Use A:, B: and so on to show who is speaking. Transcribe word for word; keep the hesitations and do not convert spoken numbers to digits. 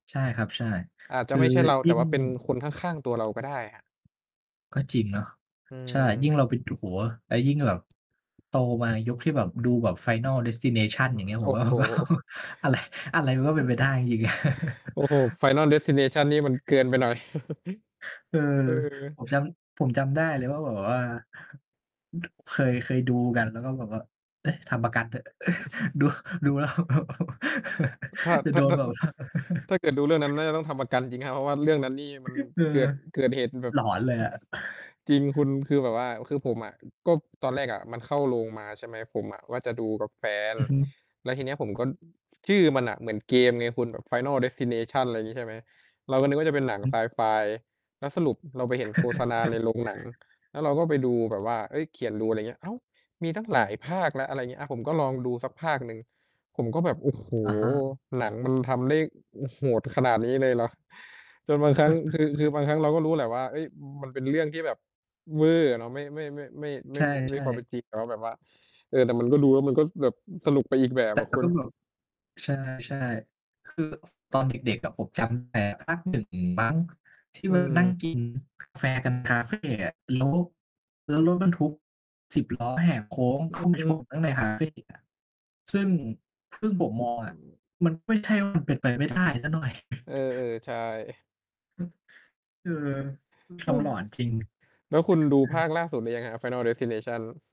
A: ใช่ครับ ใช่
B: อาจจ
A: ค
B: ะ
A: ื
B: ไ
A: อ
B: ม่ใช่เรา
A: ย
B: แ
A: ิ
B: ต
A: ่
B: ่ว
A: ง
B: ่าเป็นคนข้าง ๆ ตัวเราก็ได้ครับ
A: ก็จริงเนาะ
B: อ
A: ใช่ ยิ่
B: ืม
A: งเรา ไปดู โอ้โฮ แล้วยิ่งแบบโตมาในยุคที่แบบดูแบบ Final
B: เอ
A: destination อย่าง
B: อ
A: เงี้ย ผ
B: โอ
A: ม
B: ้
A: ว่า
B: โฮ
A: มันก็ อะไร อะไรมันก็เป็นไปได้ จริง ๆ อะ
B: โอ้โฮ Final Destination นี่มันเกินไปหน่อย
A: เออ
B: เออ
A: ผมจำ ผมจำได้เลยว่าแบบว่า เคย เคยดูกัน แล้วก็แบบว่า "เอ๊ะ ทำประกันเถอะ" ดู ดูแล้วแบบ
B: ถ้า
A: จะ
B: ถ้
A: โด
B: า ถ
A: น
B: ้า
A: แบบว่า
B: ถ้าเกิดดูเรื่องนั้น น่าจะต้องทำประกันจริง ๆ ครับ เพราะว่าเรื่องนั้นนี่มัน
A: เออ
B: เกิด เกิดเหตุแบบ
A: หลอนเลย
B: อ
A: อะ
B: จริงคุณ คือแบบว่า คือผมอะ ก็ตอนแรกอะมัน เข้าโรงมา ใช่ไหม ผมอะว่าจะดูกับแฟน
A: อือฮึ
B: แล้วทีเนี้ยผมก็ ชื่อมันน่ะเหมือนเกมไงคุณ แบบ Final Destination อะไรอย่างงี้ ใช่ไหม เราก็นึกว่าจะเป็นหนัง
A: อื
B: ไ
A: อ
B: ซ
A: ฮึ
B: ไฟ แล้วสรุปเราไปเห็นโฆษณาในโรงหนัง แล้วเราก็ไปดูแบบว่า เฮ้ย เขียนรู อะไรอย่างเงี้ย อ้าว มีตั้งหลายภาคแล้ว อะไรอย่างเงี้ย อา ผมก็ลองดูสักภาคหนึ่ง ผมก็แบบ โอ้โฮ
A: อะฮะ
B: หนังมันทำได้โหดขนาดนี้เลยเหรอ จนบางครั้ง คือ คือบางครั้งเราก็รู้แหละว่า เฮ้ย มันเป็นเรื่องที่แบบเว่อร์อะเนาะ ไม่ ไม่ ไม่ ไม่ ไ
A: ใ
B: ม
A: ช
B: ่
A: ่
B: ไม่
A: ใ
B: มี
A: ช
B: ความเป
A: ่
B: ็นจริงแล้ว แบบว่า เออ แต่มันก็ดู แล้วมันก็แบบสนุกไปอีกแบบ
A: แต
B: อ
A: ่
B: ะคุ
A: ก็
B: ณ
A: แบบ ใช่ ๆ คือตอนเด็ก ๆ อะ ผมจำแต่ภาค หนึ่ง มั้ง ที่
B: อื
A: ว่านั่ง
B: ม
A: กินกาแฟกัน คาเฟอะ แล้ว แล้วรถบรรทุกสิบล้อแหกโค้ง
B: อื
A: เข้
B: อ
A: าไป
B: อื
A: ช
B: ม
A: นข้างในคาเฟอะ ซึ่ง ซึ่งผมมอง
B: อ
A: อ
B: ื
A: ะ
B: ม
A: มันไม่ใช่ว่า มันเป็นไปไม่ได้สักหน่อย
B: เออ ๆ ใช่
A: อืม เออ ท
B: เอ
A: ำ
B: อ
A: หลอนจริง เอ
B: แล้วคุณดูภา
A: อ
B: คล่าสุดหรือยังครับ Final Destination?